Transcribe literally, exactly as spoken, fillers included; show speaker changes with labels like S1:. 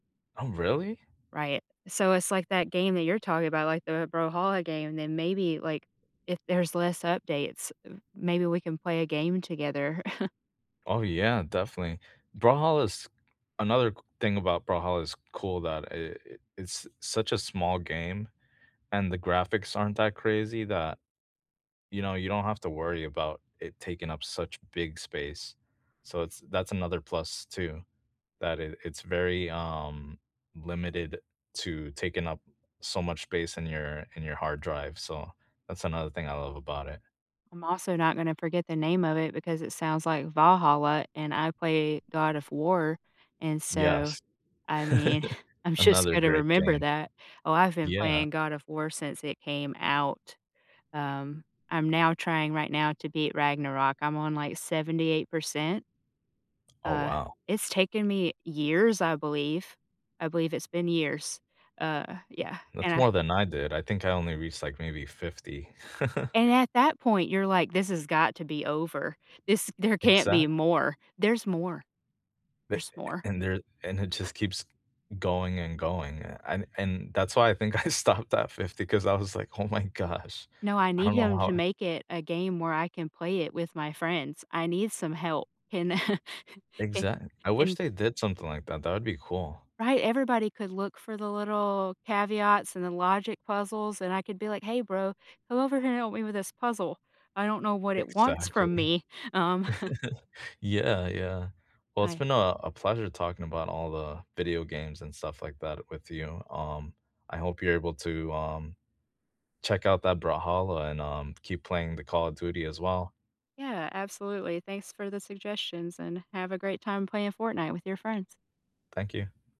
S1: Oh really?
S2: Right. So, it's like that game that you're talking about, like the Brawlhalla game. And then maybe, like, if there's less updates, maybe we can play a game together.
S1: Oh yeah, definitely. Brawlhalla is another c thing about Brawlhalla is cool that i it it's such a small game and the graphics aren't that crazy that you know, you don't have to worry about it taking up such big space. So it's that's another plus, too, that it it's very, um, limited to taking up so much space in your in your hard drive, so that's another thing I love about it.
S2: I'm also not gonna forget the name of it because it sounds like Valhalla and I play God of War. And so,
S1: Yes.
S2: I mean, I'm just
S1: Another
S2: gonna
S1: great
S2: remember
S1: game.
S2: that. Oh, I've been
S1: Yeah.
S2: playing God of War since it came out. Um, I'm now trying right now to beat Ragnarok. I'm on like seventy-eight percent.
S1: Oh
S2: Uh,
S1: wow.
S2: it's taken me years, I believe. I believe it's been years. Uh, yeah, and
S1: That's
S2: I
S1: more than I did. I think I only reached like maybe fifty.
S2: And at that point you're like, "This has got to be over. This there can't be
S1: Exactly
S2: more." There's more.
S1: Th
S2: There's
S1: a
S2: more.
S1: and there and it just keeps going and going, a and and that's why I think I stopped at fifty 'cause I was like, "Oh my gosh,
S2: No, I
S1: I don't
S2: needed
S1: know
S2: him
S1: how
S2: to
S1: I"
S2: make it a game where I can play it with my friends. I need some help. Can can
S1: Exact I wish
S2: can.
S1: they did something like that. That would be cool.
S2: Right, everybody could look for the little caveats and the logic puzzles, and I could be like, "Hey bro, come over here and help me with this puzzle. I don't know what it wants
S1: Exactly.
S2: from me, um."
S1: Yeah, yeah. Well, it's
S2: I
S1: been a a pleasure talking about all the video games and stuff like that with you. Um, I hope you're able to, um, check out that Brawlhalla and, um, keep playing the Call of Duty as well.
S2: Yeah, absolutely. Thanks for the suggestions and have a great time playing Fortnite with your friends.
S1: Thank you.